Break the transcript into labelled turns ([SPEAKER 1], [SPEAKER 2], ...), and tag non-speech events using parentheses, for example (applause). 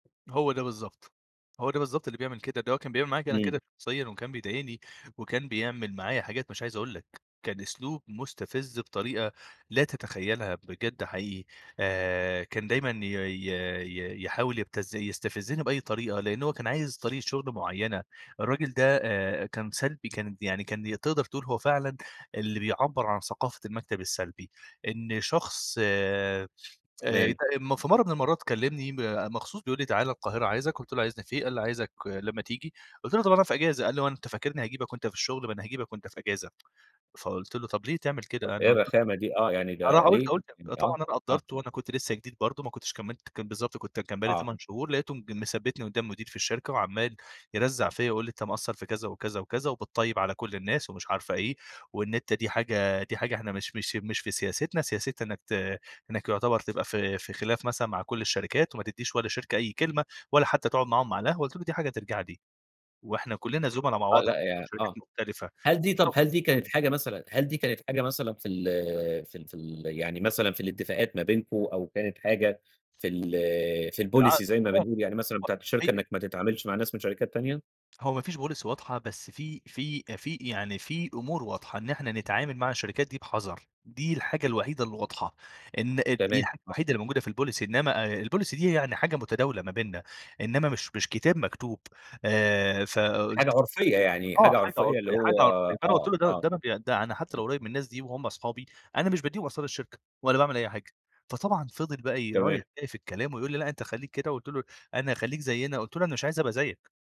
[SPEAKER 1] هو ده بالضبط. هو ده بالضبط اللي بيعمل كده. ده هو كان بيعمل معايا أنا
[SPEAKER 2] إمم.
[SPEAKER 1] كده شخصيًا، وكان بيضايقني وكان بيعمل معايا حاجات مش عايز أقول لك، كان أسلوب مُستفِز بطريقة لا تتخيّلها بجد حقيقي، آآ كان دايمًا ي ي ي يحاول يبتز يستفزِّني بأي طريقة، لإن هو كان عايز طريقة شغل معيّنة. الراجل ده آآ كان سلبي، كان يعني كان تقدر تقول هو فعلًا اللي بيعبَّر عن ثقافة المكتب السلبي. إن شخص آآ ات
[SPEAKER 2] تمام.
[SPEAKER 1] م في مرّة من المرّات كلّمني مخصوص بيقول لي: "تعال القاهرة عايزك." قُلت له: "عايزني في إيه؟" قال لي: "عايزك لمّا تيجي." قُلت له: "طب أنا في إجازة." قال لي: "هو أنت فاكرني هاجيبك وأنت في الشغل، ما أنا هاجيبك وأنت في إجازة." فقُلت له: "طب ليه تعمل
[SPEAKER 2] أ
[SPEAKER 1] كده؟"
[SPEAKER 2] إيه
[SPEAKER 1] أنا (unintelligible)
[SPEAKER 2] الرَخامة دي؟ آه. يعني ده ليه؟ يعني
[SPEAKER 1] طبعًا
[SPEAKER 2] آه.
[SPEAKER 1] أنا
[SPEAKER 2] آه.
[SPEAKER 1] قَدّرت وأنا كنت لسّه جديد برضه ما كنتش كمِّلت كان بالضبط كنت كان بقى لي
[SPEAKER 2] آه.
[SPEAKER 1] 8 شهور، لقيته م مثبّتني قُدّام المدير في الشركة وعمّال يرزّّع فيّا ويقول لي: "أنت مقصّر،" في كذا وكذا وكذا وبتطيّب على كل الناس ومش عارفة إيه، وإن أنت دي حاجة دي حاجة إحنا مش مش مش في سياستنا، سياستنا إنّك ت إنّك يعتبر تبقى في في خلاف مثلًا مع كل الشركات، وما تدّيش ولا شركة أي كلمة ولا حتّى تقعد معاهم على القهوة. قُلت له: "دي حاجة ترجع لي وإحنا كُلّنا زُملا مع
[SPEAKER 2] آه.
[SPEAKER 1] بعض (unintelligible)
[SPEAKER 2] لأ يا
[SPEAKER 1] وشركات
[SPEAKER 2] آه.
[SPEAKER 1] مختلفة."
[SPEAKER 2] هل دي طب
[SPEAKER 1] (unintelligible)
[SPEAKER 2] هل دي كانت حاجة مثلًا هل دي كانت حاجة مثلًا في ال في ال في ال يعني مثلًا في الاتفاقات ما بينكم، أو كانت حاجة في ال في
[SPEAKER 1] في
[SPEAKER 2] الpolicy زي ما بنقول،
[SPEAKER 1] العقد
[SPEAKER 2] يعني مثلًا بتاعة الشركة
[SPEAKER 1] (unintelligible)
[SPEAKER 2] إنّك ما تتعاملش مع ناس من شركات تانية؟
[SPEAKER 1] هو ما فيش policy واضحة بس في في في يعني في أمور واضحة، إن إحنا نتعامل مع الشركات دي بِحَذَر، دي الحاجة الوحيدة اللي واضحة. إن دي
[SPEAKER 2] تمام
[SPEAKER 1] الحاجة
[SPEAKER 2] آه.
[SPEAKER 1] الوحيدة اللي الموجودة في الpolicy، إنّما الpolicy دي يعني هي حاجة متداولة ما بيننا، إنّما مش مش كتاب مكتوب. آآ
[SPEAKER 2] حاجة
[SPEAKER 1] فقُلت له
[SPEAKER 2] عُرفيّة، يعني
[SPEAKER 1] آه.
[SPEAKER 2] حاجة
[SPEAKER 1] حاجة
[SPEAKER 2] عُرفيّة اللي
[SPEAKER 1] عُرفيّة، حاجة
[SPEAKER 2] هو
[SPEAKER 1] عرفية. فأنا قُلت
[SPEAKER 2] آه،
[SPEAKER 1] له: "ده
[SPEAKER 2] آه.
[SPEAKER 1] ده أنا ب حتّى لو قريّب من الناس دي وهُم صحابي، أنا مش بادّيهم أسرار الشركة ولا باعمل أي حاجة." فطبعًا فضل بقى ي
[SPEAKER 2] تمام.
[SPEAKER 1] رايح جاي في الكلام ويقول لي: "لأ أنت خلّيك كده." قُلت له: "أنا هاخلّيك زيّنا." قُلت له: "أنا مش عايز أبقى زيّك."